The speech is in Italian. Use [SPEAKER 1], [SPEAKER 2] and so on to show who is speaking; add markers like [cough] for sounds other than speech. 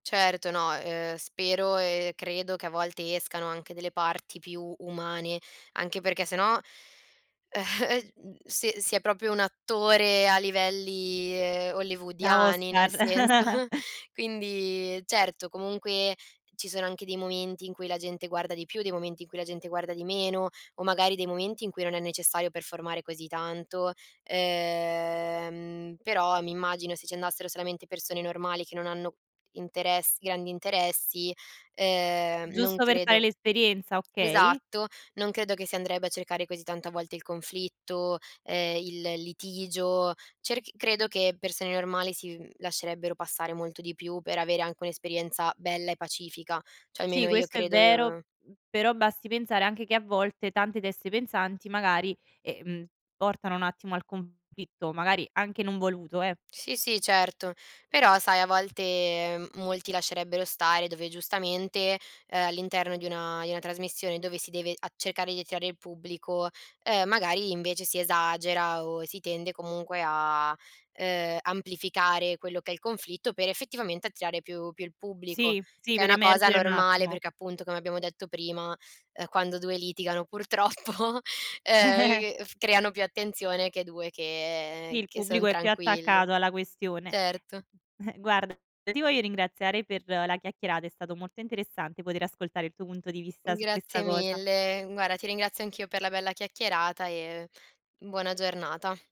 [SPEAKER 1] Certo no, ehm, spero e credo che a volte escano anche delle parti più umane, anche perché se no ehm, [chuckles] mhmm si si è proprio un attore a livelli, ehm,
[SPEAKER 2] Da
[SPEAKER 1] hollywoodiani,
[SPEAKER 2] Oscar.
[SPEAKER 1] nel senso [chuckles]
[SPEAKER 2] [giggles]
[SPEAKER 1] quindi, certo comunque ci sono anche dei momenti in cui la gente guarda di più, dei momenti in cui la gente guarda di meno o magari dei momenti in cui non è necessario performare così tanto, ehm, però mi immagino se ci andassero solamente persone normali, che non hanno interess grandi interessi, ehm, non
[SPEAKER 2] Giusto per fare
[SPEAKER 1] credo
[SPEAKER 2] l'esperienza, okay.
[SPEAKER 1] esatto, non credo che si andrebbe a cercare così tanta volte il conflitto, ehm, il litigio, cerc credo che persone normali si mhmm, lascerebbero passare molto di più, per avere anche un'esperienza bella e pacifica, cioè
[SPEAKER 2] Sì,
[SPEAKER 1] almeno io
[SPEAKER 2] questo è
[SPEAKER 1] credo
[SPEAKER 2] vero,
[SPEAKER 1] ehm
[SPEAKER 2] mhmm, però basti pensare anche che a volte tante teste pensanti magari, ehm, portano un attimo al conflitto, magari anche non voluto, eh.
[SPEAKER 1] Sì, sì, certo. Però sai, a volte, ehm, molti lascerebbero stare dove giustamente, ehm, all'interno di una di una trasmissione dove si deve a cercare di attirare il pubblico, ehm, magari invece si esagera o si tende comunque a, ehm, amplificare quello che è il conflitto per, effettivamente, attirare più più il pubblico,
[SPEAKER 2] Sì, sì
[SPEAKER 1] che è
[SPEAKER 2] per
[SPEAKER 1] una cosa
[SPEAKER 2] emergere un
[SPEAKER 1] normale
[SPEAKER 2] attimo.
[SPEAKER 1] perché appunto, come abbiamo detto prima, ehm, quando 2 litigano purtroppo,
[SPEAKER 2] [giggles]
[SPEAKER 1] ehm, c f creano più attenzione che 2 che
[SPEAKER 2] Il
[SPEAKER 1] che son
[SPEAKER 2] pubblico è più
[SPEAKER 1] tranquilli.
[SPEAKER 2] attaccato alla questione.
[SPEAKER 1] Certo.
[SPEAKER 2] [chuckles] Guarda, io ti voglio ringraziare per la chiacchierata, è stato molto interessante poter ascoltare il tuo punto di vista, su
[SPEAKER 1] Grazie
[SPEAKER 2] questa cosa.
[SPEAKER 1] mille. Guarda, ti ringrazio anch'io per la bella chiacchierata e buona giornata.